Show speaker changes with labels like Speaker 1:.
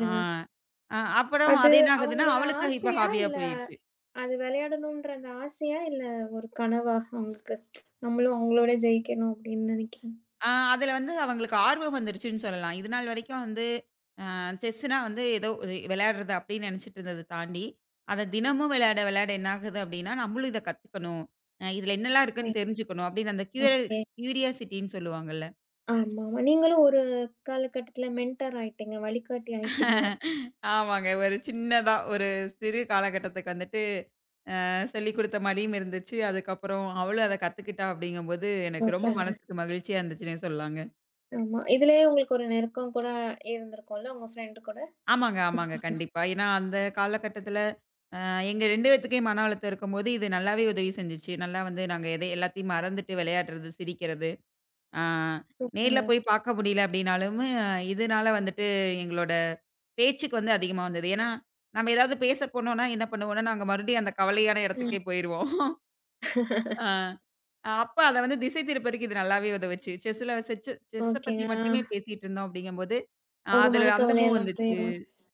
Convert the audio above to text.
Speaker 1: அ, அ. அப்புறம்
Speaker 2: அது
Speaker 1: அதென்ன ஆகுதுன்னா
Speaker 2: அவங்களோட
Speaker 1: அவளுக்கு இப்ப
Speaker 2: ஆசையா
Speaker 1: ஹாபியா
Speaker 2: இல்ல,
Speaker 1: போயிருச்சு.
Speaker 2: அது விளையாடணும்ன்ற அந்த ஆசையா, இல்ல ஒரு கனவா, அவங்களுக்கு? நம்மளும் அவங்களோட ஜெயிக்கணும் அப்டின்னு நெனைக்கிறேன்.
Speaker 1: அ. அதுல வந்து அவங்களுக்கு ஆர்வம் வந்திருச்சுன்னு சொல்லலாம். இதுநாள் வரைக்கும் வந்து, அ. செஸ்ன்னா வந்து ஏதோ ஒரு விளையாடுறது அப்டின்னு நெனச்சுட்டு இருந்தது தாண்டி, அதத் தினமும் விளையாட விளையாட என்னாகுது அப்டின்னா நம்மளும் இதக் கத்துக்கணும், அ இதுல என்னெல்லாம்
Speaker 2: [unintelligible]
Speaker 1: இருக்குன்னு தெரிஞ்சுக்கணும் அப்டின்னு அந்த க்யூ
Speaker 2: ஓகே.
Speaker 1: க்யூரியாசிட்டின்னு சொல்லுவாங்க இல்ல?
Speaker 2: ஆமா. நீங்களும் ஒரு காலகட்டத்துல மென்ட்டார் ஆயிட்டீங்க. வழிகாட்டி ஆயிட்டீங்க.
Speaker 1: ஆமாங்க. ஒரு சின்னதா ஒரு சிறு காலகட்டத்துக்கு வந்துட்டு, அ. சொல்லிக் குடுத்த மாதிரியும் இருந்துச்சு. அதுக்கப்புறம் அவளும் அதக் கத்துக்கிட்டா அப்டிங்கும் போது எனக்கு ரொம்ப
Speaker 2: சூப்பரு
Speaker 1: மனசுக்கு மகிழ்ச்சியா இருந்துச்சுன்னே சொல்லலாங்க.
Speaker 2: ஆமா. இதுலயே உங்களுக்கு ஒரு நெருக்கம் கூட ஆ இருந்திருக்கும்ல உங்க ப்ரெண்ட் கூட?
Speaker 1: ஆமாங்க, ஆமாங்க, கண்டிப்பா. ஏன்னா அந்தக் காலகட்டத்துல, அ எங்க 2 பேத்துக்குமே மன அழுத்தம் இருக்கும்போது இது நல்லாவே உதவி செஞ்சுச்சு. நல்லா வந்து நாங்க எதை எல்லாத்தையும் மறந்துட்டு விளையாட்றது, சிரிக்கிறது. அ நேர்ல
Speaker 2: சூப்பர்
Speaker 1: போய் பார்க்க முடியல அப்டின்னாலும் இதுனால வந்துட்டு எங்களோட பேச்சுக்கு வந்து அதிகமா வந்தது. ஏன்னா, நாம்ம ஏதாவது பேசப் போனோம்னா என்ன பண்ணுவோம்னா நாங்க மறுபடியும் அந்தக் கவலையான
Speaker 2: ம்.
Speaker 1: இடத்துக்கே போயிருவோம். அ. அப்ப அத வந்து திசை திருப்ப இது நல்லாவே உதவிச்சு. செஸ்சுல செஸ் செஸ்ஸ
Speaker 2: ஓகேங்க,
Speaker 1: பத்தி மட்டுமே
Speaker 2: அ.
Speaker 1: பேசிட்டு இருந்தோம் அப்டிங்கும் போது அ
Speaker 2: உங்க
Speaker 1: அதுல அந்த
Speaker 2: மனக்கவலை
Speaker 1: மூவ்
Speaker 2: எல்லாம் போயிரும்.
Speaker 1: வந்துச்சு.